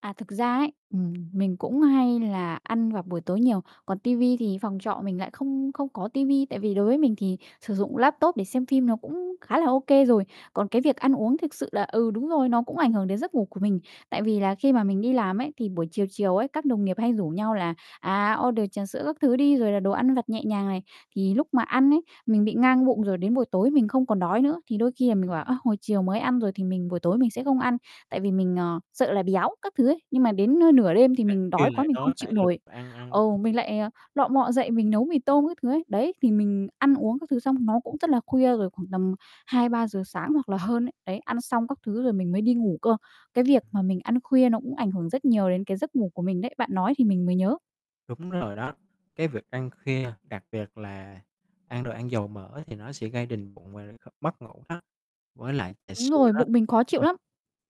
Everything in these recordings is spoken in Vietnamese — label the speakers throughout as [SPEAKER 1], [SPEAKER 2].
[SPEAKER 1] À, thực ra ấy, ừm, mình cũng hay là ăn vào buổi tối nhiều, còn ti vi thì phòng trọ mình lại không không có ti vi, tại vì đối với mình thì sử dụng laptop để xem phim nó cũng khá là OK rồi, còn cái việc ăn uống thực sự là, ừ, đúng rồi, nó cũng ảnh hưởng đến giấc ngủ của mình. Tại vì là khi mà mình đi làm ấy, thì buổi chiều, chiều ấy, các đồng nghiệp hay rủ nhau là, à, order trà sữa các thứ đi, rồi là đồ ăn vặt nhẹ nhàng này, thì lúc mà ăn ấy, mình bị ngang bụng rồi đến buổi tối mình không còn đói nữa. Thì đôi khi là mình bảo: "Ơ, hồi chiều mới ăn rồi, thì mình buổi tối mình sẽ không ăn" tại vì mình, ờ, sợ là béo các thứ ấy, nhưng mà đến, ơ, nửa đêm thì
[SPEAKER 2] Ăn
[SPEAKER 1] mình đói
[SPEAKER 2] kiêng
[SPEAKER 1] quá
[SPEAKER 2] lại
[SPEAKER 1] mình không
[SPEAKER 2] đói
[SPEAKER 1] chịu
[SPEAKER 2] phải lục
[SPEAKER 1] nổi,
[SPEAKER 2] ăn ăn.
[SPEAKER 1] ừ, mình lại, ờ, lọ mọ dậy mình nấu mì tôm các thứ ấy. Đấy, thì mình ăn uống các thứ xong nó cũng rất là khuya rồi khoảng tầm 2-3 giờ sáng hoặc là hơn ấy, đấy, ăn xong các thứ rồi mình mới đi ngủ cơ. Cái việc mà mình ăn khuya nó cũng ảnh hưởng rất nhiều đến cái giấc ngủ của mình đấy, bạn nói thì mình mới nhớ.
[SPEAKER 2] Đúng rồi đó, cái việc ăn khuya đặc biệt là ăn đồ ăn dầu mỡ, thì nó sẽ gây đình bụng và liên tục mất ngủ đó. Với lại trà
[SPEAKER 1] Đúng
[SPEAKER 2] sữa
[SPEAKER 1] rồi,
[SPEAKER 2] đó,
[SPEAKER 1] bụng mình khó chịu
[SPEAKER 2] ừm,
[SPEAKER 1] lắm.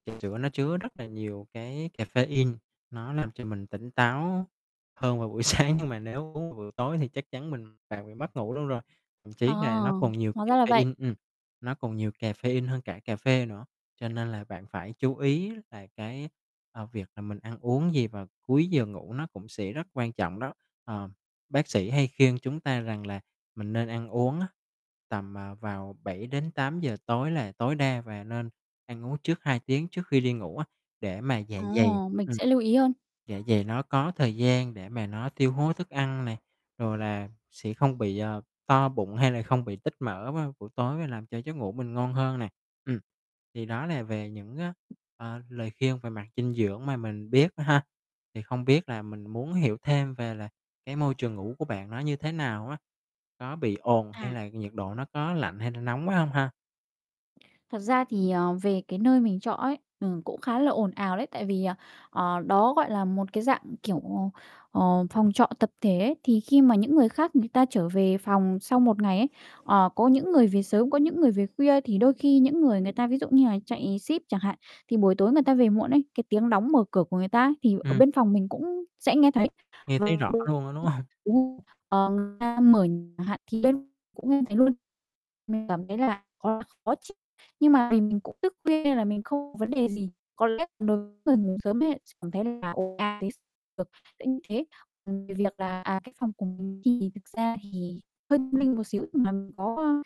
[SPEAKER 2] trà sữa nó chứa rất là nhiều cái caffeine, nó làm cho mình tỉnh táo hơn vào buổi sáng, nhưng mà nếu uống vào buổi tối thì chắc chắn mình bạn mất ngủ luôn rồi. Thậm
[SPEAKER 1] Ờ,
[SPEAKER 2] chí là nó còn nhiều
[SPEAKER 1] hóa ra là vậy.
[SPEAKER 2] caffeine ừm, nó còn nhiều caffeine hơn cả cà phê nữa, cho nên là bạn phải chú ý là cái, ờ, việc là mình ăn uống gì vào cuối giờ ngủ nó cũng sẽ rất quan trọng đó. Ờ, bác sĩ hay khuyên chúng ta rằng là mình nên ăn uống á, tầm, à, vào 7-8 giờ tối là tối đa và nên ăn uống trước 2 tiếng trước khi đi ngủ á, để mà dạ
[SPEAKER 1] Ờ.
[SPEAKER 2] dày
[SPEAKER 1] Mình
[SPEAKER 2] ừm,
[SPEAKER 1] sẽ lưu ý hơn.
[SPEAKER 2] dạ dày nó có thời gian để mà nó tiêu hoá thức ăn này, rồi là sẽ không bị, ờ, to bụng hay là không bị tích mỡ vào buổi tối và làm cho giấc ngủ mình ngon hơn nè. Ừm, thì đó là về những, ơ, ờ, lời khuyên về mặt dinh dưỡng mà mình biết ha, thì không biết là mình muốn hiểu thêm về là cái môi trường ngủ của bạn nó như thế nào á? Nó bị ồn hay
[SPEAKER 1] À.
[SPEAKER 2] là nhiệt độ nó có lạnh hay là nóng quá hông ha?
[SPEAKER 1] Thật ra thì, ờ, về cái nơi mình trọ ấy, ừm, cũng khá là ồn ào đấy, tại vì, ờ, ờ, đó gọi là một cái dạng, kiểu, ờ, ờ, phòng trọ tập thể ấy, thì khi mà những người khác người ta trở về phòng sau một ngày ấy, ờ, có những người về sớm, có những người về khuya. Thì đôi khi những người, người ta ví dụ như là chạy ship chẳng hạn, thì buổi tối người ta về muộn ấy, cái tiếng đóng, mở cửa của người ta ấy, thì ở
[SPEAKER 2] Ừm.
[SPEAKER 1] bên phòng mình cũng sẽ nghe thấy,
[SPEAKER 2] Nghe thấy
[SPEAKER 1] ờ,
[SPEAKER 2] rõ
[SPEAKER 1] ừm,
[SPEAKER 2] luôn á, đúng hông?
[SPEAKER 1] đúng rồi, ờ, người ta mở chẳng hạn thì bên cũng nghe thấy luôn. Mình cảm thấy là khá khó là chịu nhưng mà mình, mình cũng thức khuya nên là mình không vấn đề gì, có lẽ đối với người ngủ sớm ấy, sẽ cảm thấy là ồn ào t được, kiểu như thế. Ừm, về việc là à, cái phòng của mình thì thực ra thì hơi tâm linh một xíu là mình có, a,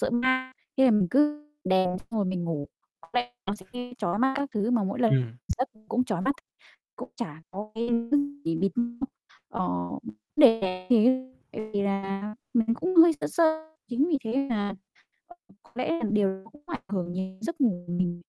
[SPEAKER 1] sợ ma, thế là mình cứ đèn xong rồi mình ngủ, bật đèn nó sẽ gây chói mắt các thứ mà mỗi lần
[SPEAKER 2] Ừm.
[SPEAKER 1] giấc cũng chói mắt, cũng chả có cái thứ gì bịt ờ, vấn đề thì tại vì là mình cũng hơi sợ sợ, chính vì thế nên là có lẽ là điều đó cũng ảnh hưởng nhiều đến giấc ngủ của mình.